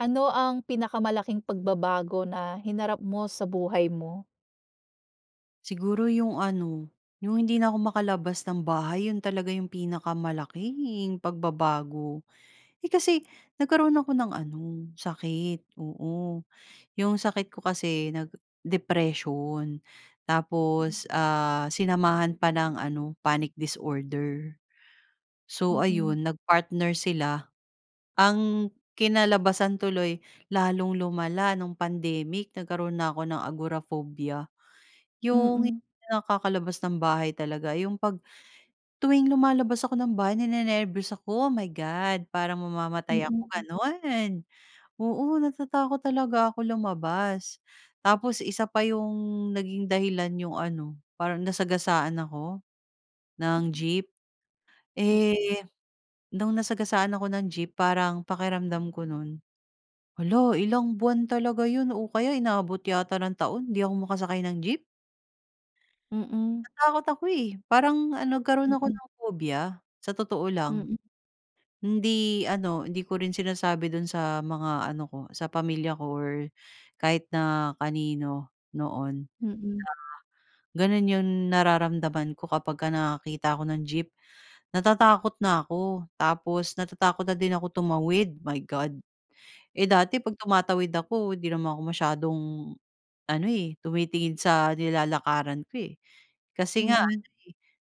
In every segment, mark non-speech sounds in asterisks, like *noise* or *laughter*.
Ano ang pinakamalaking pagbabago na hinarap mo sa buhay mo? Siguro 'yong ano, 'yong hindi na ako makalabas ng bahay. 'Yon talaga 'yong pinakamalaking pagbabago. Eh, kasi nagkaroon ako ng ano, sakit. Oo, 'yong sakit ko kasi nag depression. Mm. Tapos, ah, sinamahan pa ng ano, panic disorder. So Mm. ayun nag-partner sila. Ang kinalabasan tuloy, lalong lumala no'ng pandemic nagkaroon na ako ng agoraphobia Yong Mm. hindi nakakalabas ng bahay talaga 'yong 'pag, tuwing lumalabas ako ng bahay ninenerbiyos ako, oh my God! Parang mamamatay ako, Mm. gano'n. Oo natatakot talaga ako lumabas. Tapos isa pa 'yong, naging dahilan 'yong ano, parang nasagasaan ako, Hmm. ng jeep. Mm. Eh, no'ng nasagasaan ako ng jeep parang pakiramdam ko no'n, hala ilang buwan talaga 'yon o kaya inabot yata ng taon, 'di ako makasakay ng jeep. Mm. Natakot ako eh. Parang ano, nagkaroon ako Mm. ng phobia. Sa totoo lang. Mm. Hindi ano, hindi ko rin sinasabi do'n sa mga ano ko, sa pamilya ko or kahit na kanino, noon. Mm. Gano'n 'yong nararamdaman ko kapag ka nakakita ako ng jeep. Natatakot na ako tapos natatakot na din ako tumawid, my God. Eh, dati M 'pag tumatawid ako 'di naman ako masyadong ano eh, tumitingin sa nilalakaran ko eh. Kasi nga Mm. ano, eh,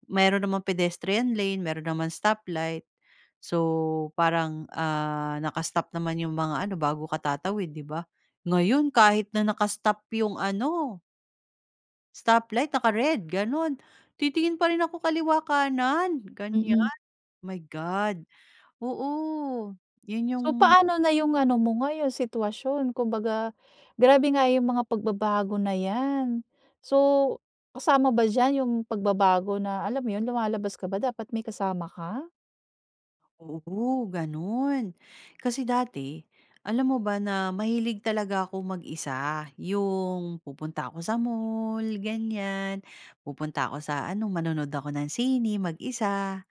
meron namang pedestrian lane, meron naman stop light. So parang ah, naka-stop naman 'yong mga ano, bago ka tatawid, di ba? Ngayon kahit na naka-stop 'yong ano, stoplight, naka-red ganun. Titingin pa rin ako kaliwa kanan Mm. gan'yan. My God. Oo. 'Yon yung So paano na 'yong ano mo ngayon, sitwasyon. Kumbaga, grabe nga yung mga pagbabago na 'yan. So, kasama ba diyan 'yong pagbabago na, alam mo 'yon, lumalabas ka ba dapat may kasama ka? Oo ganun. Kasi dati, alam mo ba na mahilig talaga ako mag-isa, yung pupunta ako sa mall ganyan. Pupunta ako sa ano manonood ako ng sine mag-isa.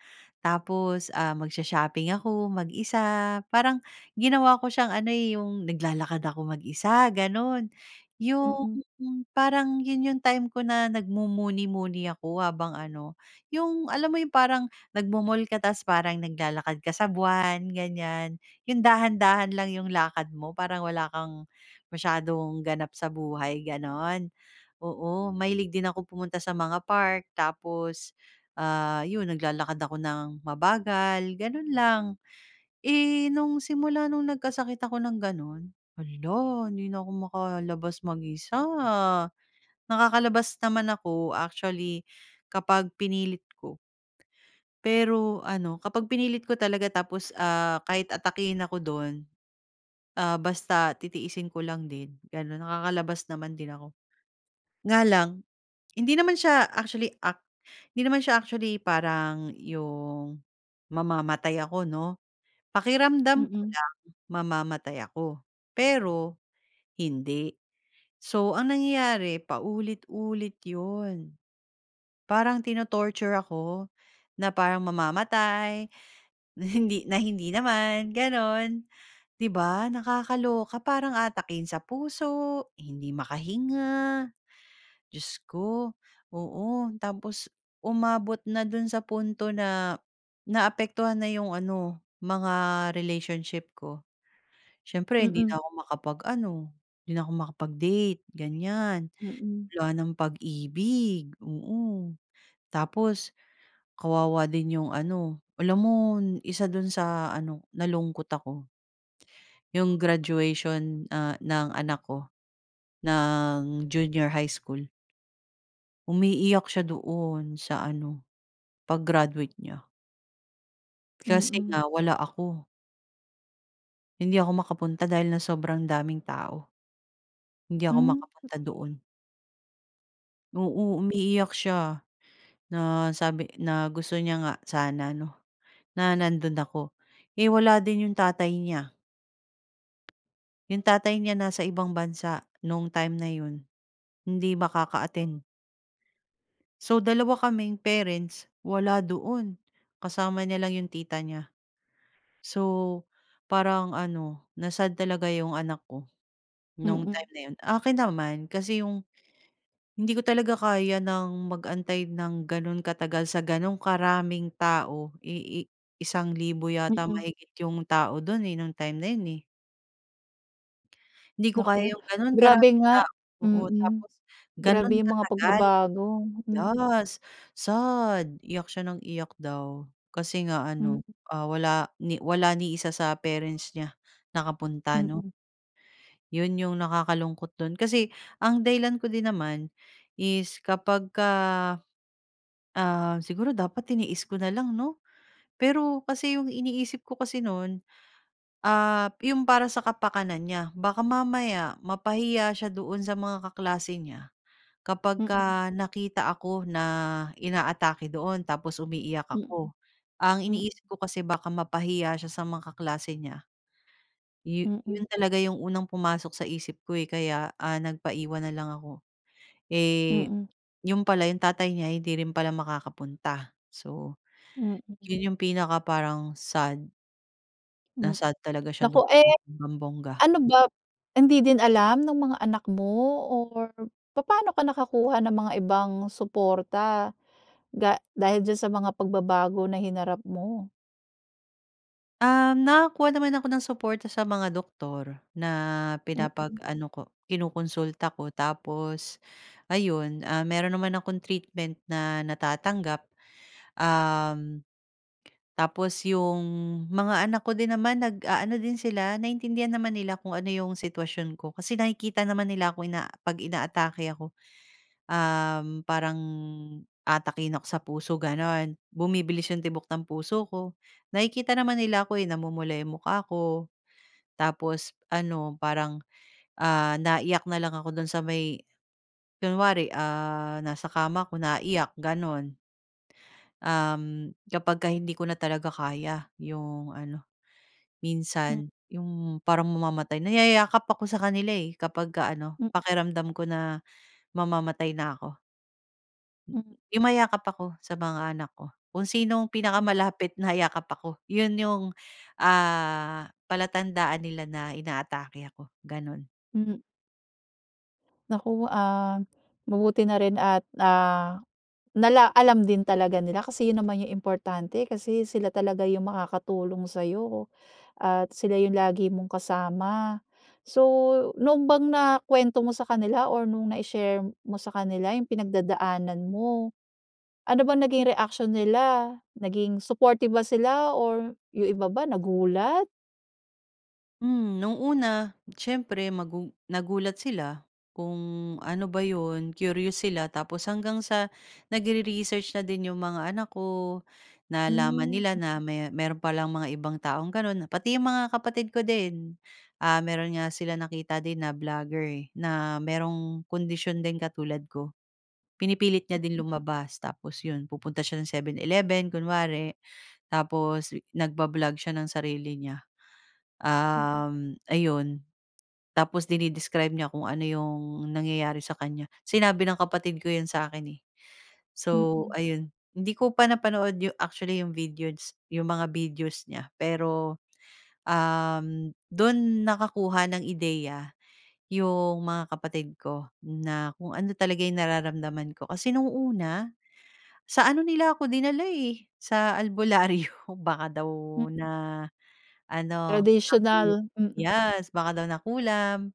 Tapos ah, magsho-shopping ako mag-isa. Parang ginawa ko siyang ano eh, yung naglalakad ako mag-isa, ganun. Yung Mm. parang yun yung time ko na nagmumuni-muni ako habang ano, yung alam mo yung parang nagmo-mall ka tapos parang naglalakad ka sa buwan, ganyan, yung dahan-dahan lang yung lakad mo, parang wala kang masyadong ganap sa buhay, gano'n. Oo, mahilig din akong pumunta sa mga park tapos ah, yun naglalakad ako nang mabagal, ganun lang. Eh, nung simula nung nagkasakit ako ng ganun, hala, hindi na ako makalabas mag-isa. Nakakalabas naman ako actually, kapag pinilit ko. Pero ano, kapag pinilit ko talaga tapos, ah, kahit atakihin ako dun, ah, basta titiisin ko lang din gano'n. Nakakalabas naman din ako, nga lang hindi naman siya actually, ac hindi naman siya actually parang 'yong mamamatay ako, 'no. Pakiramdam ko Mm. lang mamamatay ako, pero hindi. So, ang nangyayari, paulit-ulit 'yon. Parang ti-no-torture ako, na parang mamamatay, na hindi na hindi naman ganon, 'di ba? Nakakaloka, parang aatakihin sa puso, hindi makahinga. Diyos ko, oo. Tapos umabot na do'n sa punto na naapektuhan na 'yong ano mga relationship ko. Siyempre 'di na Mm. ako makapag-ano, 'di na ako makapag-date, ganyan. Mm. Wala nang pag-ibig. Oo, tapos kawawa din 'yong ano alam mo, isa do'n sa ano, nalungkot ako, yung graduation, ah, ng anak ko ng junior high school. Umiiyak siya doon. Sa ano, pag-graduate niya. Kasi Mm. nga wala ako. Hindi ako makapunta dahil nga sobrang daming tao. Hindi ako Hmm. makapunta doon. Oo, umiiyak siya. Na sabi na gusto niya nga sana 'no, na nandoon ako. Eh, wala din 'yong tatay niya. 'Yong tatay niya nasa ibang bansa no'ng time na 'yon. Hindi makaka-attend. So dalawa kaming parents wala doon. Kasama niya lang 'yong tita niya. So parang ano na-sad talaga 'yong anak ko, no'ng Mm. time na 'yon. Akin naman kasi 'yong hindi ko talaga kaya ng mag-antay ng gano'n katagal sa gano'ng karaming tao, ii isang libo yata Mm. mahigit 'yong tao doon, eh, no'ng time na 'yon, eh. Hindi ko Naku kaya 'yong gano'n grabe karaming nga, tao. Oo, mm. tapos Grabe gano'n 'yong mga katagal. pagbabago. Hmm. Yes, sad. Iyak siya ng iyak daw. Kasi nga Mm. ano, ah, wala ni wala ni isa sa parents niya nakapunta, 'no. Mm. 'Yon 'yong nakakalungkot dun kasi ang dahilan ko din naman is kapag ka, ah siguro dapat tiniis ko na lang, 'no? Pero kasi 'yong iniisip ko kasi no'n, ah, 'yong para sa kapakanan niya. Baka mamaya mapahiya siya doon sa mga kaklase niya, Mm. kapagka nakita ako na ina-atake doon tapos umiiyak Mm. ako. Ang Hmm. iniisip ko kasi baka mapahiya siya sa mga kaklase niya. Yo Mm. 'yon talaga 'yong unang pumasok sa isip ko, eh, kaya nagpaiwan na lang ako. Eh, Mm. 'yon pala, 'yong tatay niya hindi rin pala makakapunta. So Mm. 'yon 'yong pinaka parang sad. Hmm. Na-sad talaga siya Naku, doon eh. bonggang-bongga. Ano ba? Hindi din alam ng mga anak mo? Or papa'no ka nakakuha ng mga ibang suporta, ga dahil diyan sa mga pagbabago na hinarap mo. Ah, nakakuha naman ako ng suporta sa mga doktor na, Mhm. pinapag-ano ko kinokonsulta ko tapos ayun. Ah, meron naman akong treatment na natatanggap. Uhm, tapos yung mga anak ko din naman nag-aano din sila naintindihan naman nila kung ano yung sitwasyon ko, kasi nakikita naman nila ako, eh, 'pag inaatake ako. Uhm, Parang aatakihin ako sa puso gano'n. Bumibilis yung tibok ng puso ko, nakikita naman nila ako, eh, namumula yung mukha ko, tapos ano parang, ah, naiyak na lang ako do'n sa may, kunwari, ah, nasa kama ako naiiyak gano'n. Uhm, kapag ka hindi ko na talaga kaya 'yong ano. Minsan 'yong parang mamamatay, nayayakap ako sa kanila, eh, kapag ka ano, pakiramdam ko na, mamamatay na ako. Hm Yumayakap ako sa mga anak ko. Kung sinong Hmm. pinakamalapit nayakap ako, 'yon yung ah, palatandaan nila na inaatake ako, ganun Hmm. Naku, ah, mabuti na rin at, ah, nala alam din talaga nila kasi yun, naman yung importante kasi, sila talaga yung makakatulong sa'yo at sila yung lagi mong kasama. So, noon bang nakuwento mo sa kanila, or nung nai-share mo sa kanila yung pinagdadaanan mo, ano bang naging reaksyon nila? Naging supportive ba sila, or yung iba ba nagulat? Hmm. No'ng una siyempre, magu nagulat sila kung ano ba 'yon, curious sila, tapos hanggang sa nagre-research na din 'yong mga anak ko. Nalaman Hmm nila m na me meron palang mga ibang taong gano'n. Pati 'yong mga kapatid ko din, ah, mayro'n nga sila nakita din na blogger eh, na merong kondisyon din katulad ko. Pinipilit niya din lumabas, tapos 'yon pupunta siya ng Seven Eleven kunwari, tapos nagba-blog siya ng sarili niya, Hmm. uhm, ayun tapos dine-describe niya kung ano 'yong nangyayari sa kanya. Sinabi ng kapatid ko 'yan sa akin eh, so Mm. ayun, hindi ko pa napanood actually 'yong videos, 'yong mga videos niya pero, uhm, do'n nakakuha ng ideya 'yong mga kapatid ko, na kung ano talaga yung nararamdaman ko. Kasi, noong una, sa ano nila ako dinala eh, sa albularyo baka daw Hmm. na ano, sapi, Tradisyonal, mm. yes, baka daw nakulam,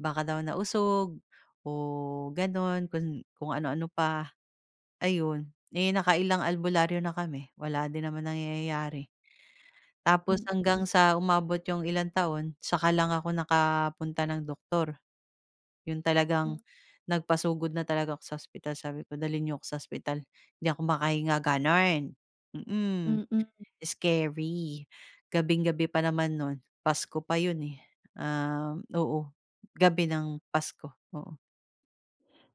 baka daw nausog, o gano'n kung kung ano ano pa. Ayun, eh, nakailang albularyo na kami wala din naman nangyayari, tapos Mm. hanggang sa umabot yung ilang taon, saka lang ako nakapunta ng doktor, yon talagang Hmm. nagpasugod na talaga ako sa ospital. Sabi ko, dalhin n'yo ako sa ospital, 'di ako makahinga, ganun, mm, Mm. scary. Gabing-gabi pa naman no'n Pasko pa 'yon eh, uhm, oo, gabi ng Pasko, oo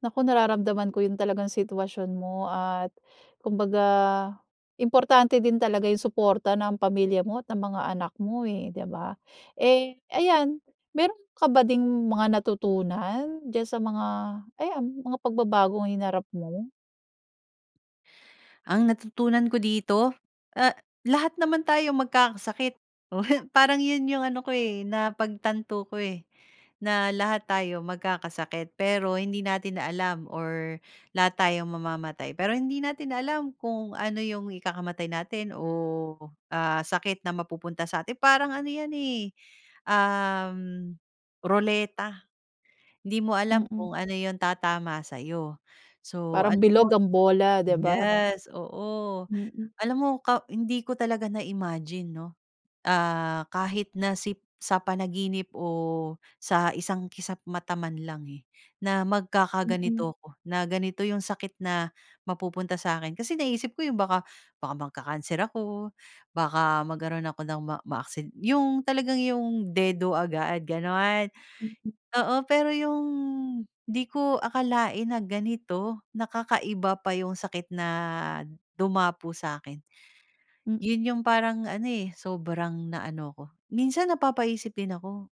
Naku, nararamdaman ko 'yung talagang sitwasyon mo at kumbaga, importante din talaga 'yung suporta ng pamilya mo at ng mga anak mo, eh, di ba? Eh, ayan meron ka ba ding mga natutunan diyan sa mga ayan, mga pagbabagong hinarap mo? Ang natutunan ko dito. Ah, lahat naman tayo magkakasakit. Oh, parang 'yon 'yong ano ko, eh, napagtanto ko, eh. Na lahat tayo magkakasakit, pero hindi natin alam or lahat tayo mamamatay pero hindi natin alam kung ano 'yong ikakamatay natin o, ah, sakit na mapupunta sa'tin. Parang ano 'yan, eh, um, roleta. Hindi mo alam Mm. kung ano 'yong tatama sa'yo, so Parang alam mo. bilog ang bola, 'di ba? Yes, oo. Mm. Alam mo ka hindi ko talaga na imagine 'no, ah, kahit na si sa panaginip o sa isang kisap-mata man lang, eh, na Mm. magkakaganito ako. Na ganito 'yung sakit na mapupunta sa akin. Kasi naisip ko 'yung baka baka magka-cancer ako, baka magkaroon ako ng ma maaksi 'yung talagang 'yung dedo agad ganon. Mm. Oo, pero 'yung 'di ko akalain na ganito, na kakaiba pa 'yung sakit na dumapo sa'kin. Hmm. 'Yun 'yung parang ano, eh, sobrang na ano 'ko. Minsan napapaisip din ako.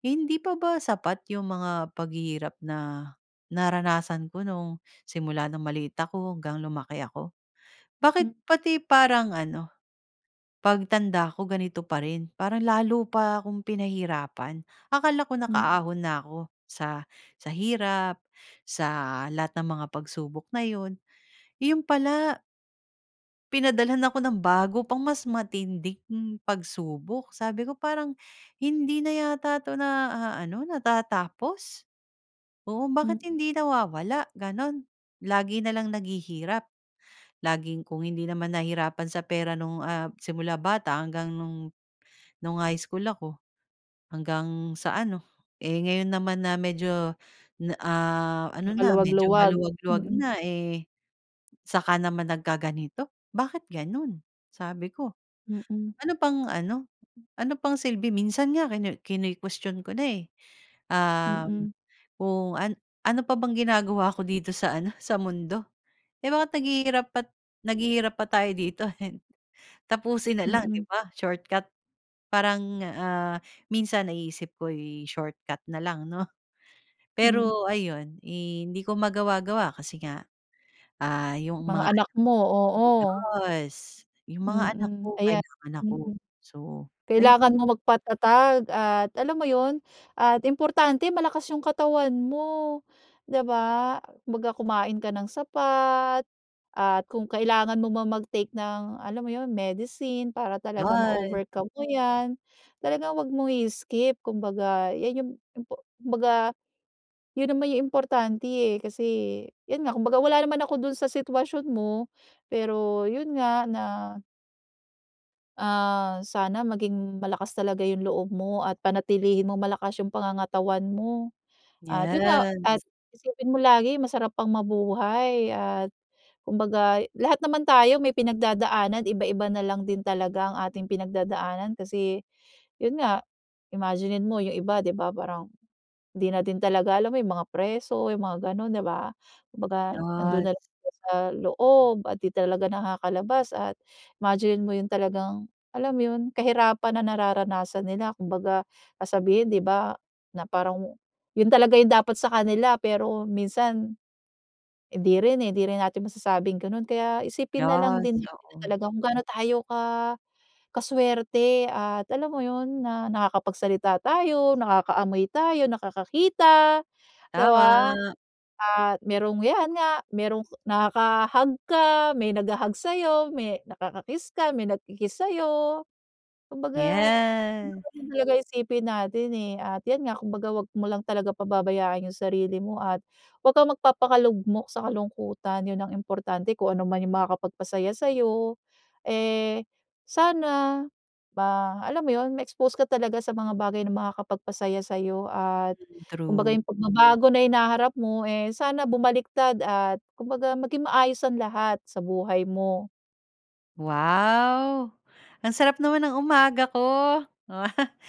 Hindi pa ba sapat 'yung mga paghihirap na naranasan ko nung simula nung maliit ako, hanggang lumaki ako. Hmm. Bakit pati parang ano, pagtanda ko, ganito pa rin? Parang lalo pa akong pinahirapan. Akala ko Hmm. nakaahon na ako sa sa hirap. Sa lahat ng mga pagsubok na 'yon. 'Yon pala Pinadalhan ako ng bago pang mas matinding pagsubok. Sabi ko, "Parang hindi na yata 'to naaano, natatapos," oo, "Bakit Hmm. hindi nawawala?" Gano'n. "Lagi na lang naghihirap, laging kung hindi naman nahirapan sa pera no'ng, ah, simula bata hanggang no'ng no'ng high school ako, hanggang sa ano, eh, ngayon naman na medyo na ah, ano na, medyo Nakaluwag-luwag. maluwag-luwag Mm. na, eh, saka naman nagkaganito, bakit gano'n?" Sabi ko, Mm. "Ano pang ano, ano pang silbi?" Minsan nga kinuwe kinu-question ko na, eh, um, Mm. kung, "An ano pa bang ginagawa ko dito sa ano, sa mundo? Eh, bakit naghihirap at naghihirap pa tayo dito? *chuckles* Tapusin na lang." 'Di Mm. ba, shortcut. Parang, ah, minsan naiisip ko, eh, shortcut na lang, 'no? Hmm. Pero ayun, eh, hindi ko magawa-gawa, kasi nga, ah, yung Mga mga anak mo, anak oo. yes, yung mga anak Mm. ko Ayan kailangan ako. mm. So, ayun. Kailangan mong magpatatag at alam mo yun at importante malakas yung katawan mo, 'di ba? Kumbaga, kumain ka ng sapat, at kung kailangan mo mang mag-take ng alam mo 'yon, medicine para talaga 'Yon. ma-overcome mo yan. Talagang huwag mong i-skip. Kumbaga, yan yung impo kumbaga yun naman yung importante, eh, kasi 'yon nga, kumbaga wala naman ako do'n sa sitwasyon mo, pero yun nga na Ah, sana maging malakas talaga 'yung loob mo at panatilihin mong malakas 'yung pangangatawan mo. At yun nga, 'Yan. at isipin mo lagi masarap pang mabuhay at, kumbaga lahat naman tayo may pinagdadaanan iba-iba na lang din talaga ang ating pinagdadaanan kasi, yun nga, imaginine mo 'yong iba 'di ba parang, 'di natin talaga alam mo 'yung mga preso, 'yung mga gano'n, 'di ba? 'Kumbaga nando'n Yes. na lang sila sa loob at 'di talaga nakakalabas at imaginine mo 'yung talagang, alam mo yun, kahirapan na nararanasan nila. Kumbaga sasabihin 'di ba, na parang mu yun talaga 'yung dapat sa kanila, pero minsan, hindi rin eh, hindi rin natin masasabing gano'n. Kaya isipin na lang din Yes, natin oo. talaga kung gaano tayo ka ka-swerte at, alam mo yun, na nakakapagsalita tayo, nakakaamoy tayo, nakakakita, 'di ba? Tama. At merong, 'yan nga, merong nakaka-hug ka, may nagha-hug sa'yo, may nakaka-kiss ka, may nagki-kiss sa'yo. Kumbaga, Yeah. dapat talaga isipin natin eh at 'yan nga kumbaga 'wag mo lang talaga pababayaan 'yung sarili mo at 'wag kang magpapakalugmok sa kalungkutan, yun ang importante. Kung ano man 'yung makakapagpasaya sa'yo eh, sana ma alam mo yun, ma-expose ka talaga sa mga bagay na makakapagpasaya sa'yo at, kumbaga True. 'yung pagbabago na hinaharap mo, eh, sana bumaliktad at kumbaga maging maayos ang lahat sa buhay mo. Wow! Ang sarap naman ng umaga ko. *laughs*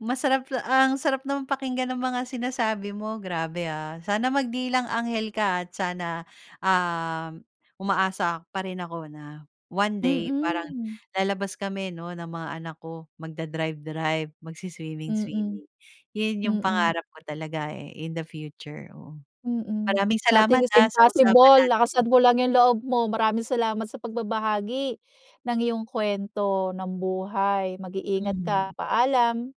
Masarap ang sarap naman pakinggan ng mga sinasabi mo, grabe ha. Sana magdilang-anghel ka at sana, um, umaasa pa rin ako na one day parang Mm. lalabas kami 'no, ng mga anak ko, magda-drive-drive, Mm. magsi-swimming-swimming. Yun 'yung Mm. pangarap ko talaga eh in the future, oo. Mm. Maraming salamat Nothing is ha, sa usapan impossible, natin. lakasan mo lang 'yung loob mo. Maraming salamat sa pagbabahagi, ng iyong kwento ng buhay. Mag-iingat ka. Mm. Paalam.